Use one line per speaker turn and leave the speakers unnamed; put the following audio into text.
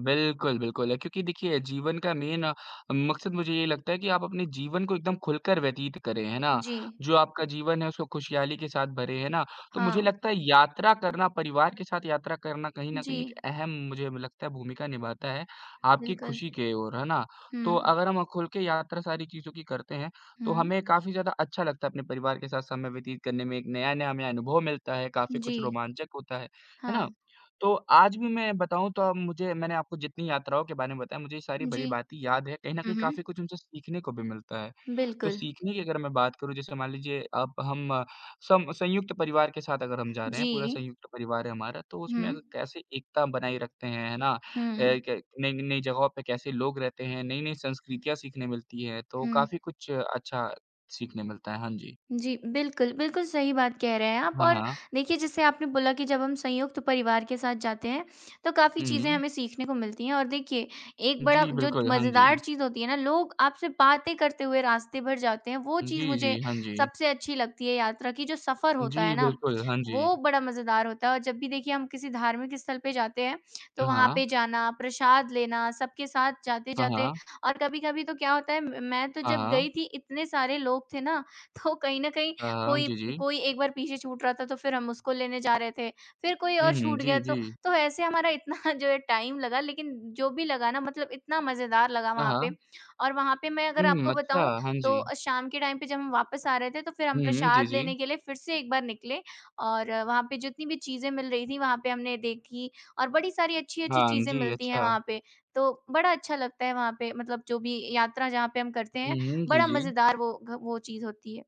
बिल्कुल, बिल्कुल है, क्योंकि देखिए जीवन का मेन मक़सद मुझे ये लगता है कि आप अपने जीवन को एकदम ख़ुलकर व्यतीत करें, हैं ना?
जी।
जो आपका जीवन है, उसको ख़ुशहाली के साथ भरे हैं ना, तो मुझे
हाँ।
लगता है यात्रा करना परिवार के साथ यात्रा करना कहीं न कहीं एक
जी।
अहम मुझे लगता है भूमिका निभाता है आपकी
बिल्कुल।
ख़ुशी के ओर, हैं ना? तो
हुँ।
अगर हम ख़ुल के यात्रा सारी चीज़ों की करते हैं, तो
हुँ।
हमें काफ़ी ज़्यादा अच्छा लगता है अपने परिवार के साथ समय व्यतीत करने में, एक नया-नया हमें अनुभव मिलता है, काफ़ी कुछ
जी।
रोमांचक होता है, हैं ना?
हाँ।
तो आज भी मैं बताऊँ तो अ, मुझे मैंने आपको जितनी यात्राओं के बारे में बताया, मुझे ये सारी
जी।
भली-भाँति याद है। कहीं न
हुँ,
कहीं काफ़ी
हुँ।
कुछ उनसे सीखने को भी मिलता है, तो
बिल्कुल।
सीखने की अगर मैं बात करूँ जैसे मान लीजिए अब हम सम संयुक्त परिवार के साथ अगर हम जा रहे हैं, पूरा
जी।
संयुक्त परिवार है हमारा, तो उसमें अग
हुँ।
कैसे एकता बनाए रखते हैं, है ना? अ,
हुँ।
क नई न नई ज़गहों पे कैसे लोग रहते हैं, नई-नई संस्कृतियाँ सीखने मिलती हैं, तो
हुँ।
काफ़ी कुछ अच्छा सीखने मिलता है, हाँ जी।
जी, बिल्कुल, बिल्कुल सही बात कह रहे हैं आप
हाँ,
और
हाँ।
देखिए जैसे आपने बोला कि जब हम संयुक्त परिवार के साथ जाते हैं, तो काफ़ी
हुँ,
चीज़ें
हुँ।
हमें सीखने को मिलती हैं और देखिए एक बड़ा
जी,
जो
बिल्कुल, हाँ
मज़ेदार
जी।
चीज़ होती हैं ना लोग आपसे बातें करते हुए रास्ते भर जाते हैं, वो चीज़
जी,
मुझे
जी, हाँ जी।
सबसे अच्छी लगती है यात्रा की, जो सफ़र होता है
जी,
ना
बिल्कुल, हाँ जी।
वो बड़ा मज़ेदार होता है और जब भी देखिए हम किसी धार्मिक स्थल पे जाते हैं,
अ,
तो वहाँ
हाँ।
पे जाना, प्रसाद लेना, सबके साथ
हाँ,
जाते-जाते
हाँ।
और कभी-कभी तो क्या होता है म मैं तो
हाँ,
जब
हाँ।
गई थी इतने सारे लोग थे ना तो कहीं न कहीं
अ, हाँ,
कोई
जी, जी।
कोई एक बार पीछे छूट रहा था तो फिर हम उसको लेने जा रहे थे। फिर कोई
हुँ,
और
हुँ।
छूट गया
जी, जी।
तो, तो ऐसे हमारा इतना जो है टाइम लगा लेकिन जो भी लगा ना मतलब इतना मज़ेदार लगा
हाँ,
वहाँ पे।
हाँ।
और वहाँ पे मैं अगर
हुँ,
आपको
अच्छा,
बताऊँ
हाँ
तो
जी।
शाम के टाइम पे जब हम वापस आ रहे थे तो फिर हम
हुँ, हुँ, जी,
प्रसाद
जी।
लेने के लिए फिर से एक बार निकले और वहाँ पे जितनी भी चीज़ें मिल रही थी, वहाँ पे हमने देखी और बड़ी सारी अच्छी-अच्छी
हाँ
चीज़ें
जी,
मिलती हैं
अच्छा।
वहाँ पे। तो बड़ा अच्छा लगता है वहाँ पे मतलब जो भी यात्रा जहाँ पे हम करते
हुँ,
हैं
हुँ, जी,
बड़ा
जी।
मज़ेदार वो ग वो चीज़ होती है।